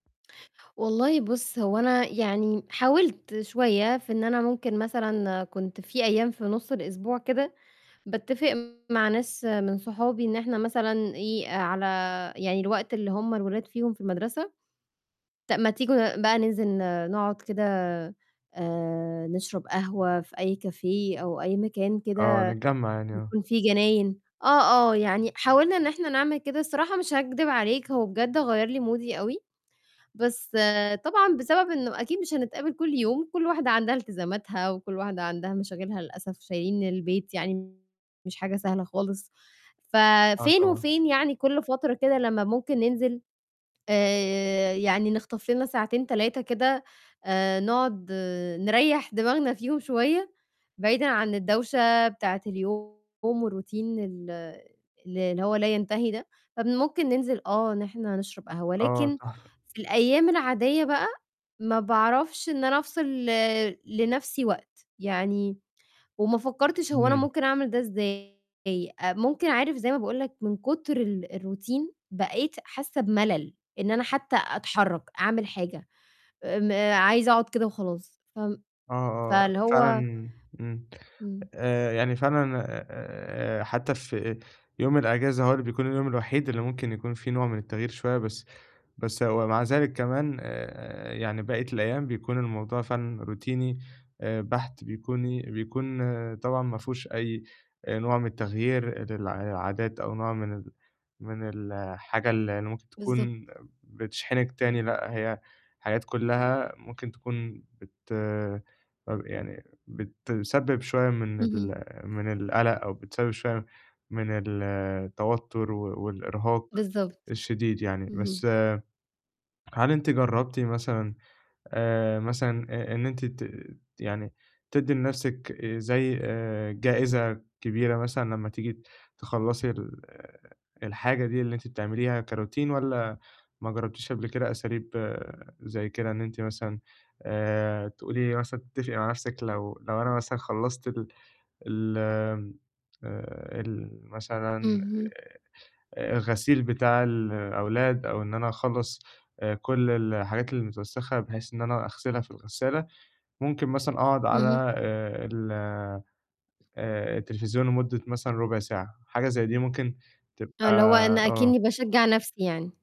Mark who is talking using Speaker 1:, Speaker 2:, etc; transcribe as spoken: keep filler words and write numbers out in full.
Speaker 1: والله بُصّ هو أنا يعني حاولت شوية في إن أنا ممكن مثلًا كنت في أيام في نُص الأسبوع كده، باتفق مع ناس من صحابي إن إحنا مثلًا إيه، على يعني الوقت اللي هُم الولاد فيهم في المدرسة، طَب ما تيجوا ن بقى ننزل ن نقعد كده آآ نشرب قهوة في أي café أو أي مكان
Speaker 2: آه،
Speaker 1: كده
Speaker 2: نتجمّع يعني، آه.
Speaker 1: بيكون فيه جناين. آه، آه يعني حاولنا إن إحنا نعمل كده، الصراحة مش هاكدب عليك هو بجد غيَّر لي مودي أوي، بس طبعًا بسبب إنه أكيد مش هنتقابل كلّ يوم، كلّ واحدة عندها التزاماتها وكلّ واحدة عندها مشاغلها للأسف شايلين البيت يعني مش حاجة سهلة خالص،
Speaker 2: آه،
Speaker 1: ففين
Speaker 2: طبعًا.
Speaker 1: وفين يعني كلّ فترة كده لمّا ممكن ننزل آآ، يعني نخطف لنا ساعتين، تلاتة كده، آآ نقعد نريّح دماغنا فيهم شوية، بعيدًا عن الدوشة بتاعة اليوم والRoutine ال ال اللي هو لا ينتهي ده، فممكن ننزل آه إن إحنا نشرب قهوة،
Speaker 2: آه،
Speaker 1: لكن
Speaker 2: تحفة.
Speaker 1: في الأيام العادية بقى، ما باعرفش إن أنا أفصل ل لنفْسي وقت، يعني، وما فكّرتش هو أنا
Speaker 2: امم.
Speaker 1: ممكن أعمل ده إزاي، آآ ممكن عارف زي ما باقول لك من كتر ال الRoutine بقيت حاسّة بملل، إن أنا حتّى أتحرّك، أعمل حاجة، آمم عايزة أقعد كده وخلاص، فم
Speaker 2: آه، آه،
Speaker 1: فاللي هو
Speaker 2: فعلًا امم.
Speaker 1: امم.
Speaker 2: آآ، يعني فعلًا آآ حتّى في يوم الأجازة هو اللي بيكون اليوم الوحيد اللي ممكن يكون فيه نوع من التغيير شوية، بس بس ومع ذلك كمان آآ يعني بقية الأيام بيكون الموضوع فعلًا روتيني آآ بحت، بيكوني بيكون طبعًا ما فيهوش أي آآ، نوع من التغيير لل للعادات أو نوع من ال من الحاجة اللي اللي ممكن
Speaker 1: بالضبط.
Speaker 2: تكون بتشحنِك تاني، لأ هي حاجات كلّها ممكن تكون بت طَب يعني بتسبب شوية من
Speaker 1: اهم.
Speaker 2: ال من القلق أو بتسبب شوية من التوتر و والإرهاق
Speaker 1: بالضبط،
Speaker 2: الشديد يعني،
Speaker 1: اهم.
Speaker 2: بس هل أنتِ جرّبتِ مثلًا آآ، مثلًا آآ، إن أنتِ ت يعني تدّي لنفْسِك آآ زي آآ جائزة كبيرة مثلًا لمّا تيجي تخلّصي ال الحاجة دي اللي أنتِ بتعمليها كRoutine؟ والّا ماجرّبتيش قبل كده أساليب زي كده، إن أنتِ مثلًا آآ تقولي مثلًا تتفقي مع نفْسِك لو لو أنا مثلًا خلّصت ال ال آمم، آآ، المثلًا
Speaker 1: اهم.
Speaker 2: آآ الغسيل بتاع الأولاد أو إن أنا أخلّص آآ كلّ الحاجات المتوسخة بحيث إن أنا أغسلها في الغسالة، ممكن مثلًا أقعد
Speaker 1: اهم.
Speaker 2: على آآ ال آآ التليفزيون لمدة مثلًا ربع ساعة، حاجة زي دي ممكن
Speaker 1: آه،
Speaker 2: تبقى
Speaker 1: اللي هو أنا
Speaker 2: آه.
Speaker 1: أكنّي باشجع نفْسي يعني.